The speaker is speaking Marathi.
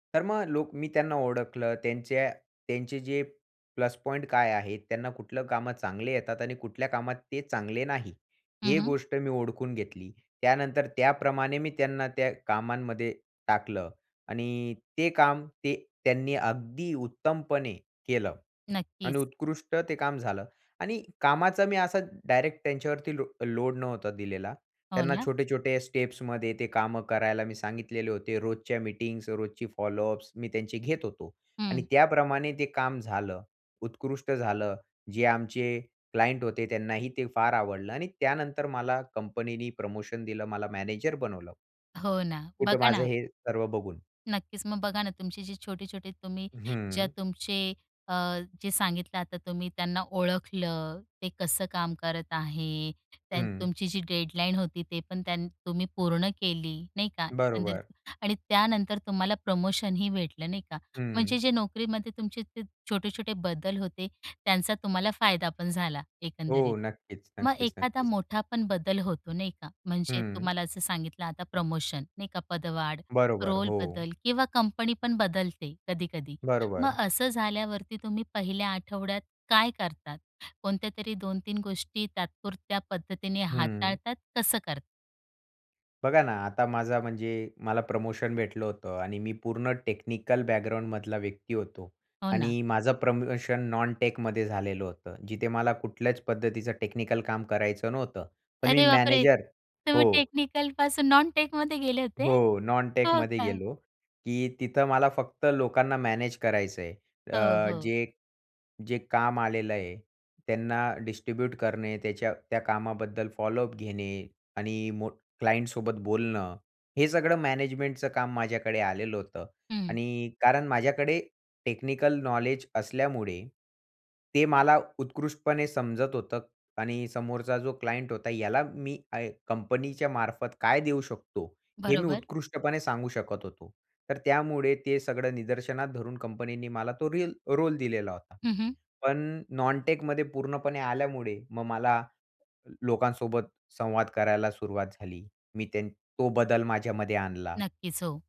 तर मग लोक मी त्यांना ओळखलं त्यांच्या त्यांचे जे प्लस पॉइंट काय आहेत? त्यांना कुठलं कामं चांगले येतात आणि कुठल्या कामात ते चांगले नाही, हं, ही हं. गोष्ट मी ओळखून घेतली. त्यानंतर त्याप्रमाणे मी त्यांना त्या कामांमध्ये टाकलं आणि ते काम ते त्यांनी अगदी उत्तमपणे केलं आणि नक्कीच. उत्कृष्ट ते काम झालं आणि कामाचा मी असा डायरेक्ट त्यांच्यावरती लो लोड नव्हता दिलेला. हो त्यांना ना. छोटे-छोटे स्टेप्समध्ये ते काम करायला मी सांगितलेले होते. रोजच्या मीटिंग्ज, रोजची फॉलोअप्स मी त्यांचे घेत होतो आणि हं. त्याप्रमाणे ते काम झालं, उत्कृष्ट झालं. जे आमचे क्लायंट होते त्यांनाही ते फार आवडलं आणि त्यानंतर मला कंपनीनी प्रमोशन दिलं, मला मॅनेजर बनवलं. हो ना. कुठं बघा माझं ना हे सर्व बघून. नक्कीच, मग बघा ना तुमची जी छोटे-छोटे तुम्ही ज्या हं. तुमचे अ, जे सांगितलं आता तुम्ही त्यांना ओळखलं ते कसं काम करत आहे. त्यान हं. तुमची जी डेडलाईन होती ते पण त्यांनी तुम्ही पूर्ण केली नाही का? एकंदरीत बरोबर. आणि त्यानंतर तुम्हाला प्रमोशन ही भेटलं, नाही का. म्हणजे हं. जे नोकरीमध्ये तुमचे ते छोटे-छोटे बदल होते, त्यांचा तुम्हाला फायदा पण झाला एकंदरीत. हो. नक्कीच, मग नक्कीच, एखादा नक्कीच. मोठा पण बदल होतो नाही का? म्हणजे हं. तुम्हाला असं सांगितलं आता प्रमोशन नाही का? पदवाढ, बरोबर, हो. रोलबदल किंवा कंपनी पण बदलते कधी-कधी मग बरोबर. असं झाल्यावरती तुम्ही 1ल्या आठवड्यात काय करतात? कोणत्यातरी 2-3 गोष्टी तात्पुरत्या पद्धतीने हं. हाताळतात कसं करतात? बघा ना आता माझा म्हणजे मला प्रमोशन भेटलं होतं आणि मी पूर्ण टेक्निकल बॅकग्राऊंड मधला व्यक्ती होतो हो ना. आणि माझं प्रमोशन नॉनटेकमध्ये झालेलं होतं. जिथे मला कुठल्याच पद्धतीचं टेक्निकल काम करायचं नव्हतं. पण मी अरे बापरे! मॅनेजर तुम्ही हो. टेक्निकल पासून नॉनटेकमध्ये गेले होते? हो, हो नॉनटेकमध्ये का? गेलो, की तिथं मला फक्त लोकांना मॅनेज करायचं आहे हो, अ, हो. जे जे काम आलेलं आहे त्यांना डिस्ट्रीब्यूट करणे, त्याच्या त्या कामाबद्दल फॉलोअप घेणे आणि मोठ क्लायंटसोबत बोलणं हे सगळं मॅनेजमेंटचं काम माझ्याकडे आलेलं होतं हं. आणि कारण माझ्याकडे टेक्निकल नॉलेज असल्यामुळे ते मला उत्कृष्टपणे समजत होतं आणि समोरचा जो क्लायंट होता याला मी आय कंपनीच्या मार्फत काय देऊ शकतो, हे मी बरोबर. उत्कृष्टपणे सांगू शकत होतो. तर त्यामुळे ते सगळं निदर्शनात धरून कंपनीनी मला तो रील तो रोल दिलेला होता. हं, हं. पण नॉनटेकमध्ये पूर्णपणे आल्यामुळे मग मला लोकांसोबत संवाद करायला सुरुवात झाली, मी त्या तो बदल माझ्यामध्ये आणला. नक्कीच, हो.